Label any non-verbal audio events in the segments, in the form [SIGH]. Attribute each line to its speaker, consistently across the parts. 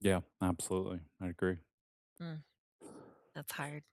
Speaker 1: Yeah, absolutely, I agree.
Speaker 2: Mm, that's hard.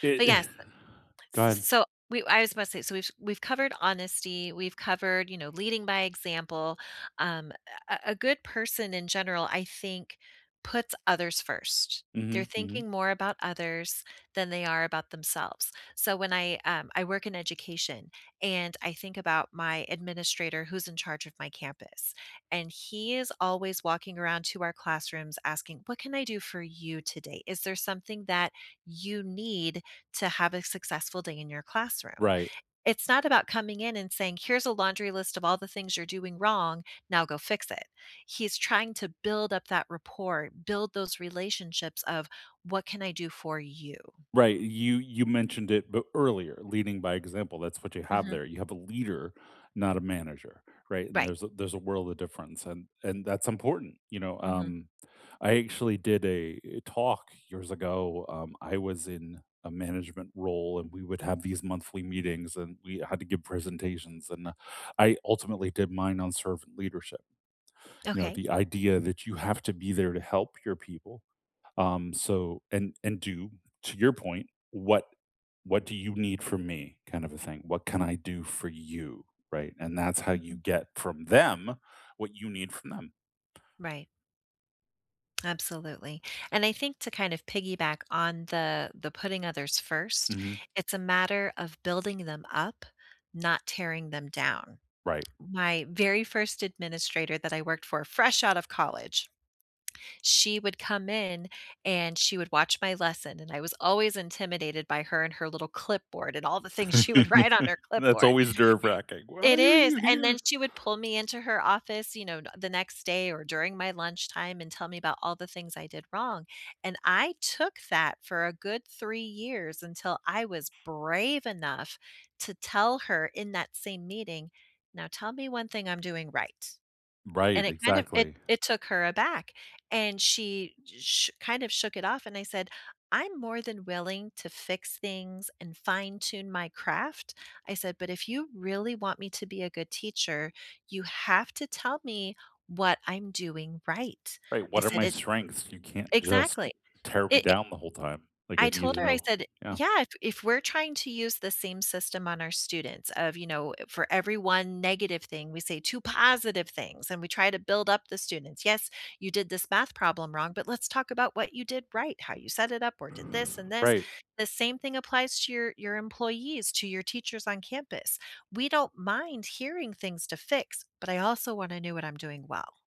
Speaker 1: It
Speaker 2: But yes. Uh.
Speaker 1: [EXHALES] Go
Speaker 2: S s
Speaker 1: ahead.
Speaker 2: so we I was supposed to so, which we've covered honesty, we've covered, you know, leading by example. Um, a a good person in general, I think, puts others first. They're
Speaker 1: Mhm, mhm.
Speaker 2: thinking more about others than they are about themselves, so, when I, um I work in education and I think about my administrator who's in charge of my campus and he is always walking around to our classrooms asking, "What can I do for you today? Is there something that you need to have a successful day in your classroom?"
Speaker 1: Right.
Speaker 2: It's not about coming in and saying, "Here's a laundry list of all the things you're doing wrong. Now go fix it." He's trying to build up that rapport, build those relationships of "What can I do for you?"
Speaker 1: Right, you you mentioned it but earlier, leading by example, that's what you have
Speaker 2: Mhm.
Speaker 1: there, you have a leader, not a manager, right, and
Speaker 2: Right.
Speaker 1: there's a there's a world of difference and and that's important, you know,
Speaker 2: Mhm.
Speaker 1: um, I actually did a talk years ago, um, I was in a management role and we would have these monthly meetings and we had to give presentations and I ultimately did mine on servant leadership, you know,
Speaker 2: Okay.
Speaker 1: the idea that you have to be there to help your people, um, so, and and do to your point, what what do you need from me kind of a thing, "What can I do for you?" right, and that's how you
Speaker 2: Mhm.
Speaker 1: get from them what you need from them.
Speaker 2: Right. Absolutely, and I think to kind of piggyback on the the putting others first,
Speaker 1: Mhm.
Speaker 2: it's a matter of building them up, not tearing them down.
Speaker 1: Right.
Speaker 2: My very 1st administrator that I worked for fresh out of college, she would come in and she would watch my lesson, and I was always intimidated by her and her little clipboard and all the things she would write on
Speaker 1: [CHUCKLES]
Speaker 2: her
Speaker 1: That's
Speaker 2: clipboard.
Speaker 1: always nerve racking, "Why
Speaker 2: It
Speaker 1: are
Speaker 2: is,
Speaker 1: you
Speaker 2: and then
Speaker 1: here?"
Speaker 2: she would pull me into her office, you know, n the next day or during my lunchtime and tell me about all the things I did wrong, and I took that for a good 3 years until I was brave enough to tell her in that same meeting, "Now tell me 1 thing I'm doing right," and
Speaker 1: Right,
Speaker 2: it kind of it
Speaker 1: exactly.
Speaker 2: it took her aback, and she sh kind of shook it off and I said, "I'm more than willing to fix things and fine tune my craft," I said, "but if you really want me to be a good teacher, you have to tell me what I'm doing right,"
Speaker 1: Right,
Speaker 2: I
Speaker 1: "What are
Speaker 2: said,
Speaker 1: my
Speaker 2: "it"
Speaker 1: strengths? You can't just
Speaker 2: Exactly,
Speaker 1: tear me
Speaker 2: i it
Speaker 1: down the whole time, like, I
Speaker 2: I
Speaker 1: need to
Speaker 2: told her, I
Speaker 1: know"
Speaker 2: said
Speaker 1: Yeah.
Speaker 2: "Yeah, if if we're trying to use the same system on our students of, you know, for every 1 negative thing, we say 2 positive things and we try to build up the students. 'Yes, you did this math problem wrong, but let's talk about what you did right, how you set it up or did this and this.'
Speaker 1: Right.
Speaker 2: The same thing applies to your your employees, to your teachers on campus. We don't mind hearing things to fix, but I also wanna know what I'm doing well."